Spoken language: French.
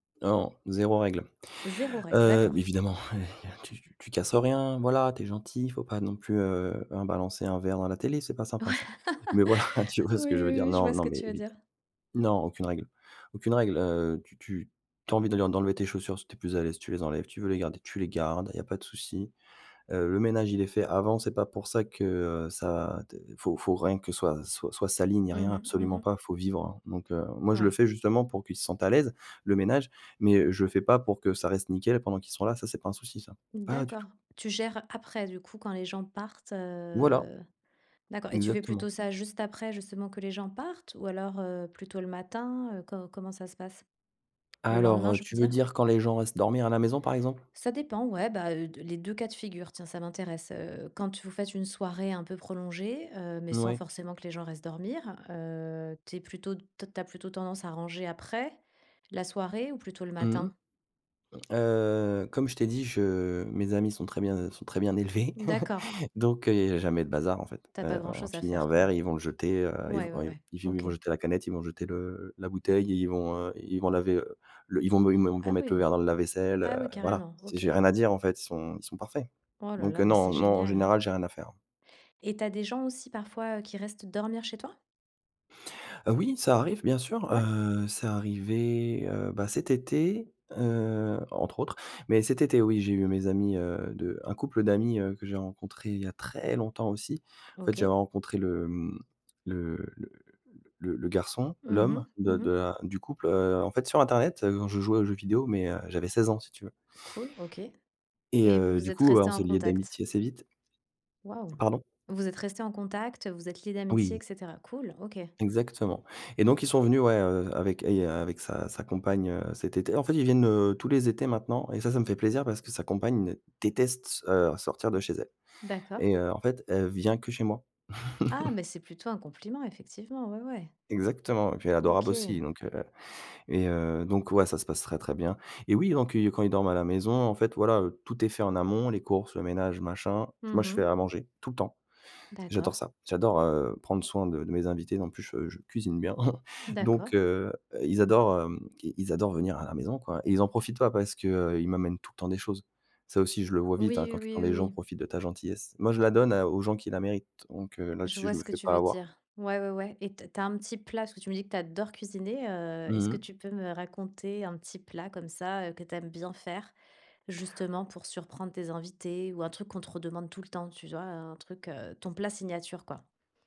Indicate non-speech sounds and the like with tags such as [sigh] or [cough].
Non, 0 règle. 0 règle, Heu, d'accord. évidemment, [chuckles] tu tu casses rien, voilà, tu es gentil, il faut pas non plus, heu, balancer un verre dans la télé. C'est pas [laughs] sympa Ouais. ça! Mais voilà, tu vois ce Oui, que je veux oui, dire, oui, je non, vois ce non que mais tu veux év dire. Non, aucune règle aucune règle, heu, tu tu tu as envie d'aller en d'enlever tes chaussures, si tu es plus à l'aise, tu les enlèves, tu veux les garder, tu les gardes. Il y a pas de souci. Heu, le ménage, il est fait avant, c'est pas pour ça que, heu, ça, d faut faut rien que soit soit sali, ni Mmh rien mh. Mmh absolument mh. pas, faut vivre, heu. Donc heu, moi, je le Ouais. fais justement pour qu'ils se sentent à l'aise, le ménage, mais, heu, je le fais pas pour que ça reste nickel pendant qu'ils seront là, ça, c'est pas un souci ça, pas du D'accord. tout! Tu gères, après du coup, quand les gens partent? Voilà. Heu, d'accord et tu fais Exactement. plutôt, ça juste après, justement que les gens partent ou alors, heu, plutôt le matin? Heu, co comment ça se passe? Le Alors, lendemain, heu, je veux tu veux dire. dire quand les gens restent dormir à la maison, par exemple? Ça dépend ouais. Bah, heu, de les 2 cas de figure, tiens, ça m'intéresse. Heu, quand vous faites une soirée un peu prolongée, heu, mais sans Ouais. forcément que les gens restent dormir, heu, tu es plutôt, tu as tu as plutôt tendance à ranger après? La soirée ou plutôt le Mmh. matin? Heu, comme je t'ai dit, je mes amis sont très bien sont très bien élevés. Mmh d'accord. [chuckles] Donc heu, il y a jamais de bazar en fait. Tu as pas Heu, grand on chose à finit un faire quoi. verre et ils vont le jeter, heu, ils v Ouais, ouais, v ouais. ils OK. vont jeter la canette, ils vont jeter, heu, le la bouteille et ils vont, heu, ils vont laver, heu, le ils vont me ils vont me Ah mettre le oui! verre dans le lave-vaisselle, Ah heu, oui voilà. carrément. Si OK. j'ai rien à dire en fait, ils sont ils sont parfaits. Oh là Donc là, heu, mais c'est non non en génial général, j'ai rien à faire. et tu as des gens aussi parfois, heu, qui restent dormir chez toi? Heu, oui, ça arrive bien sûr. Ouais. Heu, c'est arrivé, heu, bah, cet été, heu, entre autres. Mais cet été oui, j'ai eu mes amis, heu, de un couple d'amis, heu, que j'ai rencontré il y a très longtemps aussi. En fait, j'avais OK. rencontré le, hem, le le le le le garçon, Mmh l'homme mh. de Mmh de mh. la du couple. Heu, en fait sur internet, je jouais aux jeux vidéos, mais, heu, j'avais 16 ans si tu veux Cool, OK et et vous heu, vous du êtes coup, bah, resté on en s'est liés contact? d'amitié assez vite Waouh! pardon? Vous êtes resté en contact, vous êtes lié d'amitié, Oui! et cetera. Cool, OK. Exactement et donc ils sont venus ouais, heu, avec et avec sa sa compagne, heu, cet été en fait, ils viennent, heu, tous les étés maintenant et ça ça me fait plaisir parce que sa compagne, déteste, heu, sortir de chez elle D'accord. et heu, en fait, elle vient que chez moi. Ah, [laughs] mais c'est plutôt un compliment, effectivement. Ouais, ouais. Exactement et puis elle est adorable aussi, OK. donc heu et heu, donc ouais, ça se passe très bien et oui, donc quand ils dorment à la maison, en fait voilà, tout est fait en amont, les courses, le ménage, machin. Mmh Moi je fais mh. à manger, tout le temps. J'adore D'accord. ça! J'adore, heu, prendre soin de de mes invités. Non, en plus je je cuisine bien. [chuckles] Donc D'accord. heu, ils adorent, hem, ils ils adorent venir à la maison quoi et ils en profitent pas, parce qu'ils m'amènent tout le temps des choses. Ça aussi je le vois vite, hein, Oui, quand quand oui, oui, les gens oui. profitent de ta gentillesse. Moi je la donne à aux gens qui la méritent, donc heu, Je là-dessus vois je me ce que fais tu pas veux avoir. dire. Ouais, ouais, ouais et tu as tu as un petit plat parce que tu me dis que tu adores cuisiner, heu, est-ce Mmh que mh. tu peux me raconter un petit plat comme ça, heu, que tu aimes bien faire, justement pour surprendre tes invités ou un truc qu'on te redemande tout le temps? Tu vois, un truc ton plat signature, quoi.